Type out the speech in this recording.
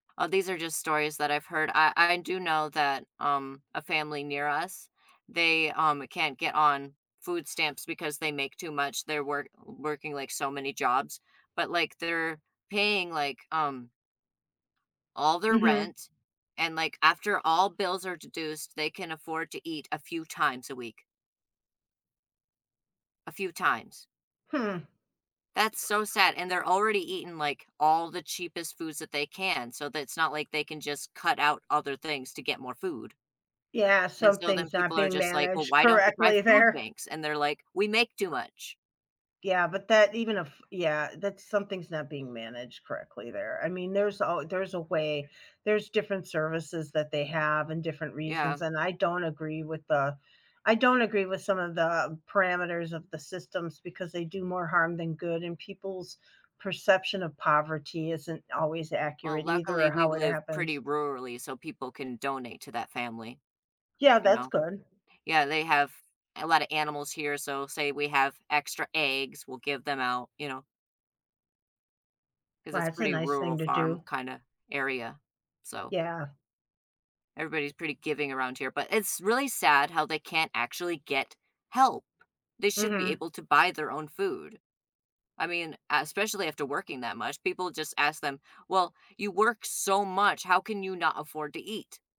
Uh, these are just stories that I've heard. I I do know that, um, a family near us, they, um, can't get on food stamps because they make too much. They're work working like so many jobs, but like they're paying like, um all their Mhm. rent, and like after all bills are deduced, they can afford to eat a few times a week. A few times. Hmm. That's so sad, and they're already eating like all the cheapest foods that they can, so that it's not like they can just cut out other things to get more food. Yeah, And so then something's not people are being just like, well, managed why don't you try correctly food there. banks? And they're like, we make too much. Yeah, but that, even if yeah, that's something's not being managed correctly there. I mean, there's al there's a way, there's different services that they have and different reasons, Yeah. and I don't agree with the I don't agree with some of the parameters of the systems because they do more harm than good and people's perception of poverty isn't always Well, accurate either or luckily we how it live pretty happens. rurally, so people can donate to that family. Yeah, You that's know, good. yeah, they have a lotta animals here, so say we have extra eggs, we'll give them out, you know? 'Cause Well, it's that's a pretty nice rural thing to farm do. kinda area, so. Yeah. Everybody is pretty giving around here, but it's really sad how they can't actually get help. They should be Mhm. able to buy their own food. I mean, uh, especially after working that much, people just ask them, "Well, you work so much, how can you not afford to eat?"